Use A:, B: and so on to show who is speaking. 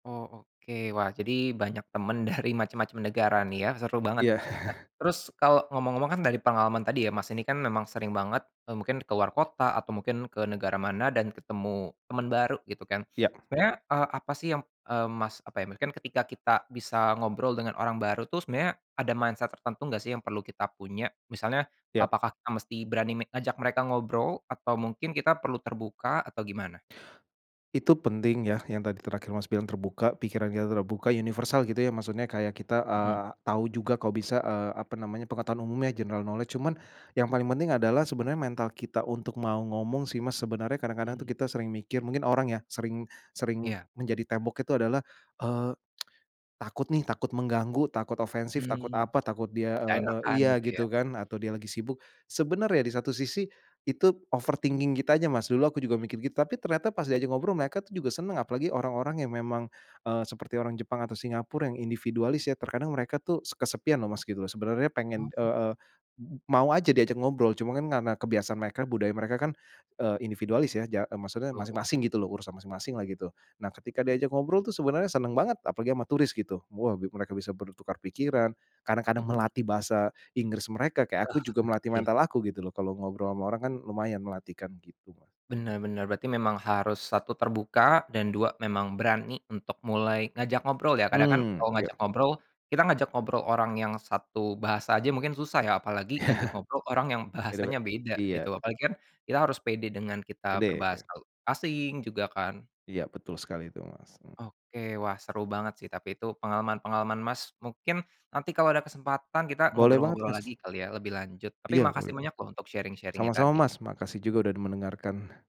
A: Oh, oke. Wah, jadi banyak temen dari macem-macem negara nih ya? Seru banget.
B: Iya.
A: Nah terus, kalau ngomong-ngomong kan dari pengalaman tadi ya Mas, ini kan memang sering banget e mungkin ke luar kota atau mungkin ke negara mana dan ketemu teman baru gitu kan.
B: Iya.
A: Sebenarnya e apa sih yam eee Mas apa ya, mungkin ketika kita bisa ngobrol dengan orang baru tuh sebenarnya ada mindset tertentu nggak sih yang perlu kita punya? Misalnya,
B: Iya.
A: apakah kita mesti berani me ngajak mereka ngobrol? Atau mungkin kita perlu terbuka? Atau gimana?
B: Itu penting ya, yang tadi terakhir Mas bilang terbuka, pikirannya terbuka universal gitu ya maksudnya kayak kita
A: Mhm.
B: eee, tahu juga kok bisa eee apa namanya, pengetahuan umumnya, general knowledge. Cuman yang paling penting adalah sebenarnya mental kita untuk mau ngomong sih Mas, sebenarnya kadang-kadang tuh
A: Mhm.
B: kita sering mikir mungkin orang ya, sering sering
A: Iya.
B: menjadi tembok itu adalah eee, takut nih, takut mengganggu, takut ofensif, takut
A: Mmm.
B: apa, takut dia e
A: Gak
B: e
A: enakan
B: iya
A: gitu ya?
B: gitu kan, atau dia lagi sibuk. Sebenarnya di satu sisi itu overthinking kita aja, Mas. Dulu aku juga mikir gitu, tapi ternyata pas diajak ngobrol, mereka tuh juga senang, apalagi orang-orang yang memang eee, seperti orang Jepang atau Singapura yang individualis ya. Terkadang mereka tuh se kesepian loh Mas gitu, sebenarnya pengen
A: Mhm.
B: eee, mau aja diajak ngobrol, cuman kan karena kebiasaan mereka, budaya mereka kan eee individualis ya, ja e maksudnya
A: Betul.
B: masing-masing gitu loh, urusan masing-masing lah gitu. Nah, ketika diajak ngobrol tuh sebenarnya senang banget, apalagi sama turis gitu. Wah, mereka bisa bertukar pikiran, kadang-kadang
A: Mhm.
B: melatih bahasa Inggris mereka, kayak aku juga melatih
A: Iya.
B: mental aku gitu loh, kalau ngobrol sama orang kan lumayan melatih kan gitu.
A: Bener bener, berarti memang harus satu terbuka, dan dua memang berani untuk mulai ngajak ngobrol ya, kadang kan
B: Mhm,
A: kalau
B: iya.
A: ngajak ngobrol, kita ngajak ngobrol orang yang satu bahasa aja mungkin susah ya, apalagi
B: Iya.
A: ngajak ngobrol orang yang
B: Beda be
A: bahasanya beda gitu,
B: iya.
A: apalagi kan kita harus pede dengan kita
B: Pede,
A: berbahasa
B: iya.
A: asing juga kan.
B: Iya, betul sekali itu, Mas.
A: Oke. Wah, seru banget sih tapi itu pengalaman-pengalaman Mas, mungkin nanti kalau ada kesempatan, kita
B: Boleh banget,
A: ngobrol-ngobrol
B: Mas.
A: lagi kali ya lebih lanjut. Tapi
B: Iya, boleh
A: makasih
B: lah.
A: banyak untuk sharing-sharingnya
B: Sama-sama,
A: tadi.
B: Mas. Makasih juga udah mendengarkan.